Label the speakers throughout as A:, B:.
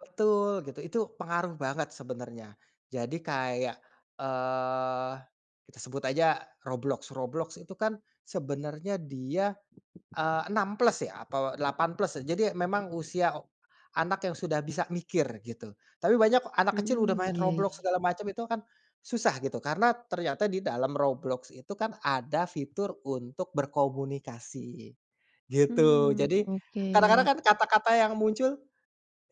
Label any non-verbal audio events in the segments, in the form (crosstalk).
A: Betul gitu, itu pengaruh banget sebenarnya. Jadi kayak, eee, kita sebut aja Roblox. Roblox itu kan sebenarnya dia, eee, 6+ ya, atau 8+ ya, jadi memang usia anak yang sudah bisa mikir gitu. Tapi banyak anak kecil udah
B: Mmm,
A: main
B: iya
A: Roblox
B: iya.
A: segala macam itu akan, susah gitu, karena ternyata di dalam Roblox itu kan ada fitur untuk berkomunikasi, gitu.
B: Mmm,
A: Jadi, kadang-kadang
B: oke.
A: kan kata-kata yang muncul,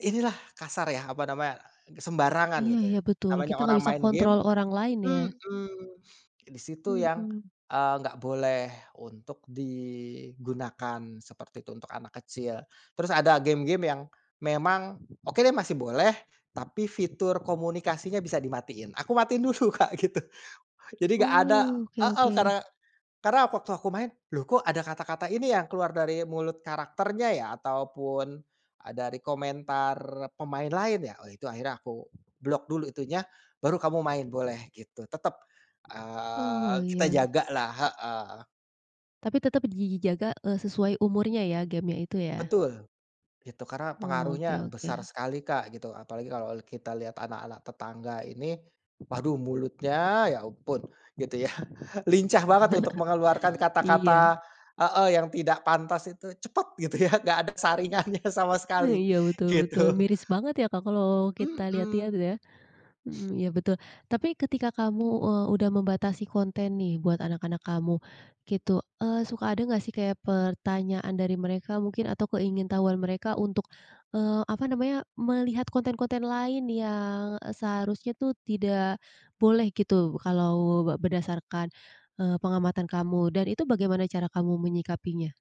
A: inilah kasar ya, apa namanya, sembarangan
B: Iya
A: gitu,
B: iya betul,
A: namanya
B: kita nggak
A: orang
B: bisa
A: main game
B: kontrol orang lain ya?
A: mhm. Di situ yang,
B: Mhm.
A: eee, nggak boleh untuk digunakan seperti itu, untuk anak kecil. Terus ada game-game yang memang, oke deh masih boleh, tapi fitur komunikasinya bisa dimatiin. Aku matiin dulu Kak gitu, jadi nggak ada
B: Mmm, oke
A: heeh,
B: oke.
A: karena karena waktu aku main, loh kok ada kata-kata ini yang keluar dari mulut karakternya ya, ataupun, e dari komentar pemain lain ya, oh itu akhirnya aku block dulu itunya, baru kamu main boleh gitu. Tetep, eee,
B: Oh
A: kita
B: iya.
A: jaga lah heeh.
B: Tapi tetap dijaga, eee, sesuai umurnya ya, game-nya itu ya?
A: Betul. Itu karena
B: Oh, oke
A: pengaruhnya
B: oke.
A: besar sekali Kak, gitu. Apalagi kalau kita lihat anak-anak tetangga ini, waduh mulutnya, ya ampun, gitu ya, lincah banget untuk mengeluarkan
B: (chuckles) Iya.
A: kata-kata heeh, yang tidak pantas itu cepet, gitu ya, enggak ada saringannya sama
B: Eh,
A: sekali,
B: iya betul betul,
A: gitu.
B: miris banget ya Kak kalau kita lihat-lihat
A: Mhm.
B: ya. Mhm, iya betul. Tapi ketika kamu, eee, udah membatasi konten nih buat anak-anak kamu, gitu. Eee, suka ada enggak sih kayak pertanyaan dari mereka mungkin atau keingintahuan mereka untuk, eee, apa namanya, melihat konten-konten lain yang, e seharusnya tuh tidak boleh gitu, kalau be berdasarkan, eee, pengamatan kamu. Dan itu bagaimana cara kamu menyikapinya?